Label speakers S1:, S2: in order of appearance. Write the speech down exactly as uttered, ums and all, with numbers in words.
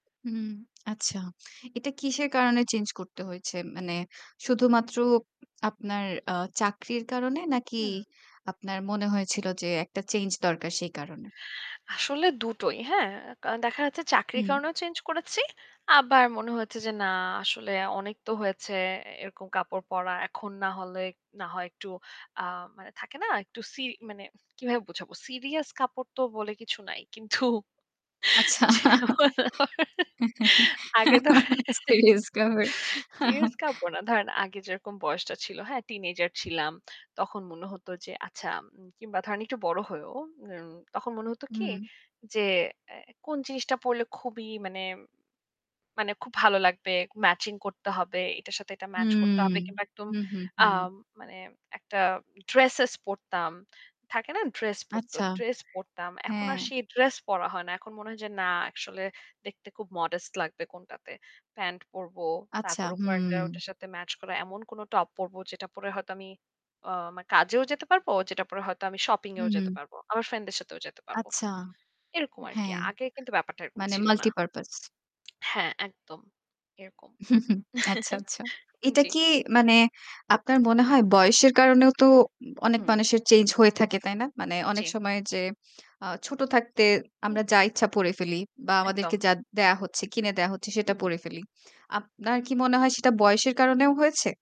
S1: হুম, আচ্ছা। এটা কিসের কারণে চেঞ্জ করতে হয়েছে? মানে শুধুমাত্র আপনার আ চাকরির কারণে? নাকি
S2: হু।
S1: আপনার মনে হয়েছিল যে একটা চেঞ্জ দরকার সেই কারণে?
S2: আসলে দুটোই। হ্যাঁ? কারন দেখা যাচ্ছে চাকরির
S1: হুম।
S2: কারণেও চেঞ্জ করেছি। আবার মনে হয়েছে যে না আসলে অনেক তো হয়েছে এ এরকম কাপড় পরা। এখন না হলে না হয় একটু আ মানে থাকে না একটু সি মানে কিভাবে বোঝাবো? সিরিয়াস কাপড় তো বলে কিছু নাই। কিন্তু
S1: আচ্ছা।
S2: যেমন ধ আগে ধরেন
S1: সিরিয়াস কাপড়।
S2: সিরিয়াস কাপড় না, ধরেন আগে যেরকম বয়সটা ছিল। হ্যাঁ টিনেজার ছিলাম। তখন মনে হত যে আচ্ছা আম কিংবা ধরেন একটু বড় হয়েও। উম তখন মনে হতো কি
S1: হুম।
S2: যে, "অ্যা কোন জিনিসটা পড়লে খুবই মানে মানে খুব ভালো লাগবে। ম্যাচিং করতে হবে। এটার সাথে এটা মাচ করতে
S1: উম
S2: হবে।" কিংবা একদম
S1: হু, হু, হু।
S2: আম মানে একটা ড্রেসেস পড়তাম। থাকে না ড্রেস পড়ত।
S1: আচ্ছা।
S2: ড্রেস পড়তাম। এখন
S1: হ্যাঁ।
S2: আর সেই ড্রেস পরা হয় না। এখন মনে হয় যে না একশলে দেখতে খুব modest লাগবে, কোনটাতে। প্যান্ট পরব।
S1: আচ্ছা,
S2: তারপর
S1: হু।
S2: ওপর একটা ওইটার সাথে ম্যাচ করা এমন কোন টপ পড়ব যেটা পরে হয়তো আমি অ আমার কাজেও যেতে পারব। যেটা পরে হয়তো আমি শপিং
S1: হু,
S2: এও যেতে
S1: হু।
S2: পারব। আমার ফ্রেন্ডসদের সাথেও যেতে পারব।
S1: আচ্ছা,
S2: এরকম আরকি।
S1: হ্যাঁ।
S2: আগে কিন্তু ব্যাপারটা এরকম
S1: মানে
S2: ছিল না।
S1: multipurpose.
S2: হ্যাঁ, একদম, এরকম।
S1: আচ্ছা, আচ্ছা। এটা
S2: জি।
S1: কি মানে আপনার মনে হয় বয়সের কারণেও তো উম অনেক
S2: হুম।
S1: মানুষের চেঞ্জ হয়ে থাকে, তাই না? মানে অনেক
S2: জি।
S1: সময় যে আ ছোট থাকতে
S2: হু।
S1: আমরা যা ইচ্ছা পড়ে ফেলি বা
S2: একদম।
S1: আমাদেরকে যা দেয়া হচ্ছে কিনে দেয়া হচ্ছে সেটা
S2: হুম।
S1: পড়ে ফেলি। আপনার কি মনে হয় সেটা বয়সের কারণেও হয়েছে?